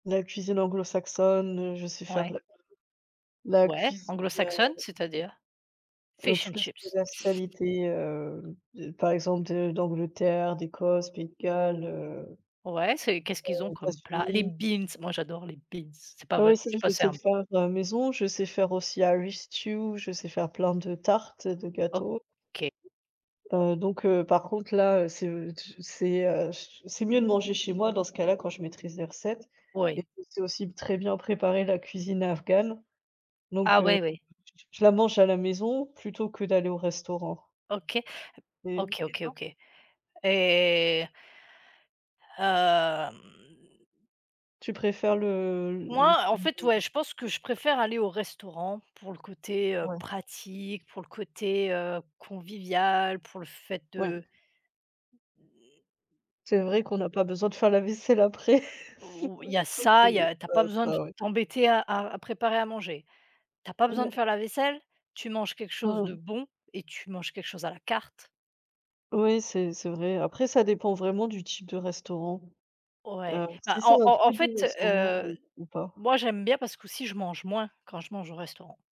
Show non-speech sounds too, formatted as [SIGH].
La cuisine anglo-saxonne, heu, je sais faire de Ouais. la [UNINTELLIGIBLE] la Ouais, cuisine, anglo-saxonne, heu c'est-à-dire? heu, Fish toutes and chips. les spécialités, heu, de par exemple de d'Angleterre, d'Écosse, Pays de Galles, heu Ouais, c'est qu'est-ce qu'ils ont heu, comme plat? Les États-Unis. beans! Moi, j'adore les beans. C'est pas Oui, vrai, ça, je suis je pas sais sér le faire, heu, maison, je sais faire aussi, irish stew, je sais faire plein de tartes et de gâteaux, OK. heu, donc heu, par contre, là, heu, c'est, heu, tu c'est, heu, ch c'est mieux de manger chez moi dans ce cas-là quand je maîtrise les recettes et Oui. puis je sais aussi très bien préparer la cuisine afghane, donc Ah heu, ouais, [UNINTELLIGIBLE] oui. je la mange à la maison plutôt que d'aller au restaurant OK, et OK, et OK, toi? OK et hem Tu préfères le le moi, en fait, ouais, je pense que je [UNINTELLIGIBLE] préfère aller au restaurant pour le côté, heu, Ouais. pratique, pour le côté, heu, convivial, pour le fait Ouais. de C'est vrai qu'on n'a pas besoin de faire la vaisselle après Ou il y a [CHUCKLES] ça, il y [UNINTELLIGIBLE] a tu as pas besoin de ouais. t'embêter à à préparer à manger, tu as pas besoin de Ouais. faire la vaisselle, tu manges quelque chose de Mmh. bon et tu manges quelque chose à la carte. Oui, c'est c'est vrai et après ça dépend vraiment du type de restaurant, Ouais, heu, bah, si en c'est un en en très fait, bon restaurant heu, ou ou pas. moi, j'aime bien parce qu'aussi je mange moins quand je mange au restaurant.